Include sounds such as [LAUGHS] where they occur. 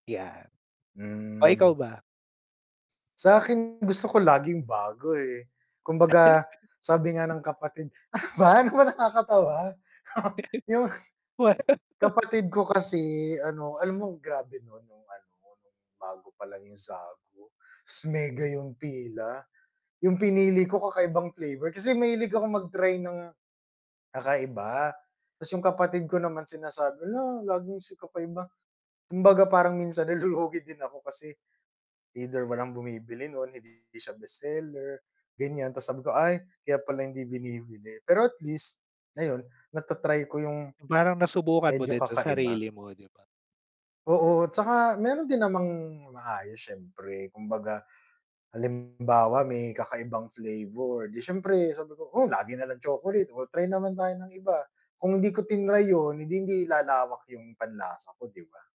Yan. Oh, Hmm. ikaw ba? Sa'kin gusto ko laging bago, eh. Kumbaga, sabi nga [CHUCKLES] ng kapatid ano ba, ano ba nakakatawa? [CHUCKLES] Yung, [CHUCKLES] Wa [LAUGHS] kapatid ko kasi ano, alam mo grabe nun nung ano, nung bago palang yung Zagu, ta's mega yung pila? Yung pinili ko kakaibang flavor, kasi mahilig ako mag-try ng kakaiba. Tas yung kapatid ko naman sinasabi, "Hala, laging si kakaiba." Kumbaga parang minsan nalulugi din ako kasi either walang bumibili nun, hindi siya best seller, ganyan. Tapos sabi ko, "Ay, kaya pala hindi binibili." Pero at least, ayon, nata-try ko yung Yung parang nasubukan mo medyo din sa kakaiba. sarili mo, di ba? Oo, tsaka meron din namang maayos syempre, kumbaga, halimbawa may kakaibang flavor, di siyempre sabi ko, "O, lagi nalang chocolate o try naman tayo ng iba." Kung hindi ko tinray yun, eh, di hindi lalawak yung panlasa ko, di ba?